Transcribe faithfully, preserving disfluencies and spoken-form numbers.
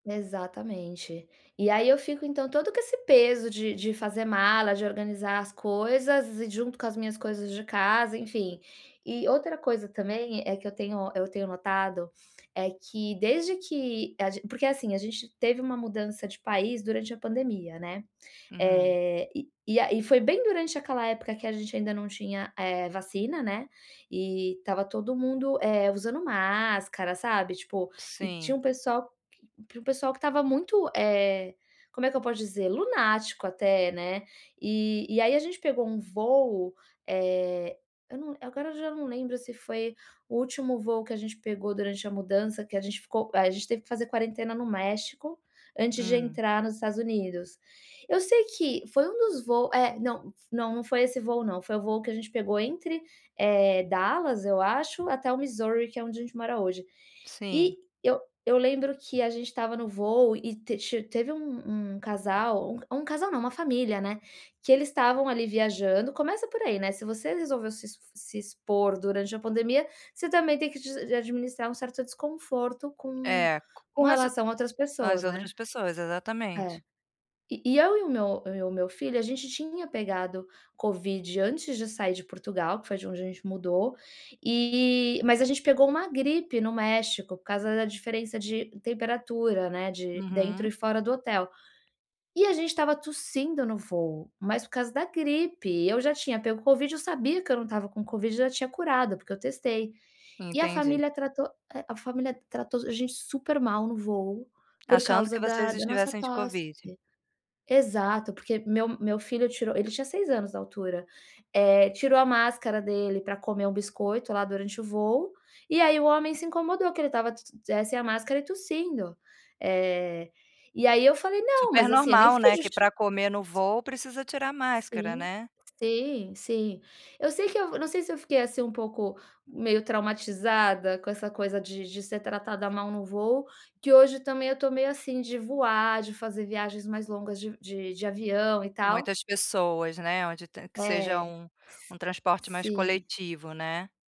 Exatamente. E aí, eu fico, então, todo com esse peso de de fazer mala, de organizar as coisas e junto com as minhas coisas de casa, enfim. E, outra coisa também, é que eu tenho eu tenho notado é que desde que a ge porque assim, a gente teve uma mudança de país, durante a pandemia, né, Uhum. eh, e e aí, foi bem durante aquela época que a gente ainda não tinha, eh, vacina né, e estava todo mundo, eh, usando máscara sabe, tipo, e Sim. tinha um pessoal q um pessoal que estava muito, eh, como é que eu posso dizer, lunático até, né. E e aí, a gente pegou um voo, eh, eu n agora eu já não lembro, se foi o último voo que a gente pegou durante a mudança, que a gente ficou a gente teve que fazer quarentena no México, antes de Hum. entrar nos Estados Unidos. Eu sei que foi um dos voos é, não não não foi esse voo, não, foi o voo que a gente pegou entre, eh, Dallas, eu acho, até o Missouri, que é onde a gente mora hoje. Sim. E eu eu lembro que a gente estava no voo e teve ti teve um um casal, um casal não, uma família, né, que eles estavam ali viajando, começa por aí, né, se você resolveu se se expor durante a pandemia, você também tem que de se administrar um certo desconforto com É, co com com as relação a outras as pessoas né? outras pessoas, É. exatamente. E eu e o meu o meu filho, a gente tinha pegado covid antes de sair de Portugal, foi de onde a gente mudou, e, mas a gente pegou uma gripe no México, por causa da diferença de temperatura, né, de dentro e Uhum. fora do hotel. E a gente estava tossindo no voo, mas por causa da gripe, eu já tinha pego covid eu sabia que eu não estava com covid e já tinha curado, porque eu testei. E a Entendi. família tratou a família tratou a gente super mal no voo, por Achando que causa da vocês da nossa estivessem de tosse. covid. Exato, porque meu meu filho tirou ele tinha seis anos na altura, eh, tirou a máscara dele pra comer o biscoito, lá, durante o voo, e aí o homem se incomodou, que ele estava se se eh, sem a máscara e tossindo. Eh, e aí, eu falei: “Não, Super mas assim eu nem normal, fiquei né. Que, justi" pra [unintelligible] comer no voo, precisa tirar a máscara, Sim, né. sim, sim. Eu sei que eu não sei se eu fiquei assim um pouco meio traumatizada com essa coisa de de ser tratada mal no voo, que hoje também eu tô meio assim de voar, de fazer viagens mais longas de de de avião e tal. Muitas pessoas, né, onde tem que seja É. um S um transporte mais sim. coletivo, né.